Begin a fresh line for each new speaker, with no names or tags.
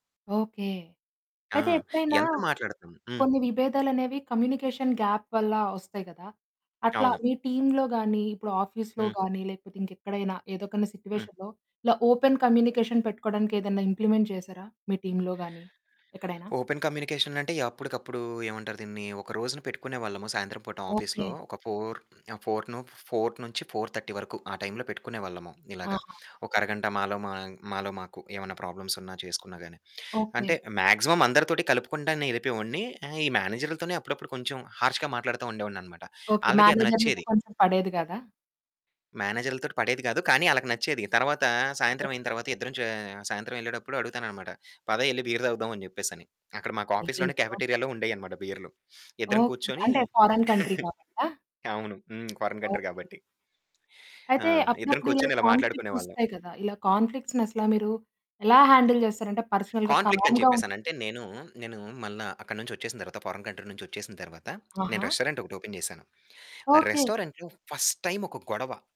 Okay.
ఆ!
అయితే ఎప్పుడైనా
ఎంత మాట్లాడతాం? హ్మ్.
కొన్ని విభేదాలనేవి కమ్యూనికేషన్ గ్యాప్ వల్ల వస్తాయి గదా! అట్లా
అవును.
మీ టీమ్‌లో గాని ఇప్పుడు ఆఫీస్‌లో
హ్మ్.
గాని లేకపోతే ఇంకెక్కడైనా ఏదో ఒక
హ్మ్.
సిట్యుయేషన్‌లో ఇలా ఓపెన్ కమ్యూనికేషన్ పెట్టుకోవడానికి ఏదైనా ఇంప్లిమెంట్ చేసారా? మీ టీమ్‌లో గాని ఎక్కడైనా?
ఓపెన్ కమ్యూనికేషన్ అంటే అప్పటికప్పుడు ఏమంటారు దీన్ని ఒక రోజున పెట్టుకునేవాళ్ళము. సాయంత్రం పూట ఆఫీస్‌లో.
ఓకె.
ఒక 4:00 ఆహ్, ఫోర్ ను 4:00 నుంచి 4:30 వరకు. ఆ టైం పెట్టుకునేవాళ్ళము ఇలాగ.
ఆహా!
ఒక అరగంట మాలో మా మాలో మాకు ఏమన్నా ప్రాబ్లమ్స్ ఉన్న చేసుకున్నా గాని.
ఓకె.
అంటే మాక్సిమం అందరితోటి కలుపుకుంటానే ఎళిపోయెవాడిని. ఆహ్, ఈ మేనేజర్‌లతోనే అప్పుడప్పుడు కొంచెం హార్ష్‌గా మాట్లాడతా ఉండేవాడినన్నమాట.
ఓకె.
ఆళ్ళకీ అది
మేనేజర్‌లతో
నచ్చేది.
కొంచెం పడేది గాదా?
మేనేజర్‌లతోటి పడేది గాదు. కానీ ఆళ్ళకి నచ్చేది. తరువాత సాయంత్రం అయిన తరువాత ఇద్దరం చ సాయంత్రమెళ్ళేటప్పుడు అడుగుతానన్నమాట. పద యెళ్లి బీర్ తాగుదాం అని చెప్పేసని. అక్కడ మాకు ఆఫీస్‌లోనే
అయ్యయ్యో!
కాఫెటీరియాలో ఉండేయన్నమాట బీర్‌లు. ఇద్దరం
ఓకె.
కూర్చొని
అంటే ఫారెన్ కంట్రీ కాబట్టా?
అవును. హ్మ్. Foreign country
okay.
కాబట్టి. ఆ!
అయితే
ఇద్దరం
అప్పుడప్పుడు ఇలా
కూర్చొని ఇలా మాట్లాడుకునే
కాన్‌ఫ్లిక్ట్స్
వాళ్ళం.
వస్తాయి గదా! ఇలా కాన్‌ఫ్లిక్ట్స్‌ని అసల మీరు ఎలా హ్యాండిల్ జేస్తారు? అంటే పర్సనల్‌గా
కాన్‌ఫ్లిక్ట్స్ అని
కామ్‌గా ఉం
చెప్పేసినంటే నేనూ నేను మళ్ళా అక్కడినుంచి వచ్చేసిన తరువాత ఫారిన్ కంట్రీ నుంచి వచ్చేసిన తరువాత నేను
ఆహా!
రెస్టారెంట్ ఒకటి ఓపెన్ చేశాను. ఆ
ఓకె.
రెస్టారెంట్‌లో ఫస్ట్ టైమ్ ఒక గొడవ.